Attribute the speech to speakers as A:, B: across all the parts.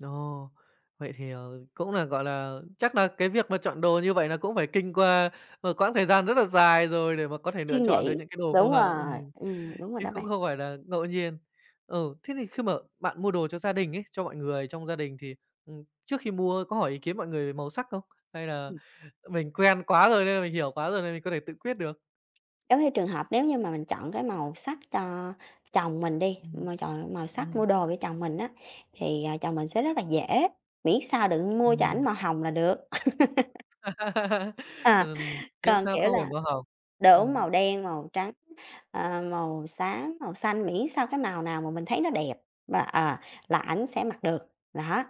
A: Ồ, vậy thì, ờ, cũng là, gọi là, chắc là cái việc mà chọn đồ như vậy là cũng phải kinh qua một quãng thời gian rất là dài rồi để mà có thể
B: Suy
A: lựa chọn được
B: nghĩ,
A: những cái đồ phù
B: đúng
A: hợp
B: rồi.
A: ừm,
B: Ừm, đúng rồi
A: chứ
B: đó bạn.
A: cũng không phải là ngẫu nhiên. Ừ, thế thì khi mà bạn mua đồ cho gia đình ấy, cho mọi người trong gia đình thì, ừm, trước khi mua có hỏi ý kiến mọi người màu sắc không? Hay là,
B: Ừm.
A: ờ, mình quen quá rồi, nên là mình hiểu quá rồi nên mình có thể tự quyết được?
B: Giống như trường hợp nếu như mà mình chọn cái màu sắc cho chồng mình đi,
A: Ừm,
B: mà chọn màu sắc
A: ừm.
B: mua đồ cho chồng mình á, thì, ờ, chồng mình sẽ rất là dễ, miễn sao đừng mua cho ảnh
A: Ừm.
B: màu hồng là được. À,
A: Ừm, miễn
B: còn
A: sao
B: kiểu
A: không phải
B: là
A: màu hồng.
B: đúng,
A: Ừm.
B: màu đen, màu trắng, ờ, màu xám, màu xanh, miễn sao cái màu nào mà mình thấy nó đẹp mà ờ, là ảnh sẽ mặc được, đó.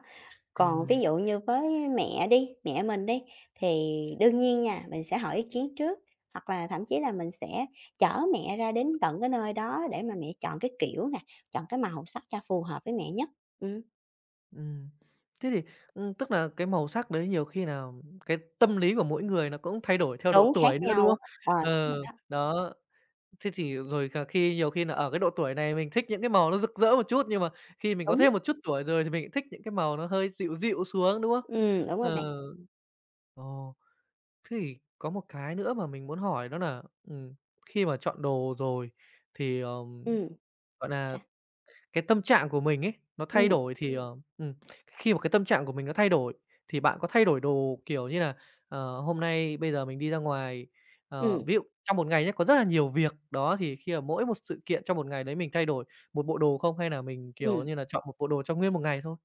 B: Còn ví
A: Ừm.
B: dụ như với mẹ đi, mẹ mình đi, thì đương nhiên nha, mình sẽ hỏi ý kiến trước, hoặc là thậm chí là mình sẽ chở mẹ ra đến tận cái nơi đó để mà mẹ chọn cái kiểu nè, chọn cái màu sắc cho phù hợp với mẹ nhất, ừm.
A: Ừm, thế thì, ưm, tức là cái màu sắc đấy nhiều khi nào cái tâm lý của mỗi người nó cũng thay đổi theo độ
B: Đúng, khác
A: tuổi nữa, đúng
B: nhau.
A: không?
B: Ờ, đúng
A: Ờ,
B: rồi đó.
A: đó, thế thì rồi cà khi nhiều khi nà ở cái độ tuổi này mình thích những cái màu nó rực rỡ một chút, nhưng mà khi mình có
B: Đúng.
A: thêm một chút tuổi rồi thì mình thích những cái màu nó hơi dịu dịu xuống, đúng không?
B: Ừm, đúng rồi bạn.
A: Ờ. Ồ, thế thì có một cái nữa mà mình muốn hỏi đó nà, ừm, khi mà chọn đồ rồi thì, ờm
B: Ừm.
A: gọi là,
B: Sao?
A: cái tâm trạng của mình ấy, nó thay
B: Ừm.
A: đổi thì, ờ ừm, khi mà cái tâm trạng của mình nó thay đổi, thì bạn có thay đổi đồ kiểu như là, ờ, hôm nay bây giờ mình đi ra ngoài ờ,
B: Ừm.
A: ví dụ trong một ngày nhá, có rất là nhiều việc, đó, thì khi mà mỗi một sự kiện trong một ngày đấy mình thay đổi một bộ đồ không? Hay nà mình, kiểu
B: Ừm.
A: như nà, chọn một bộ đồ cho nguyên một ngày thôi?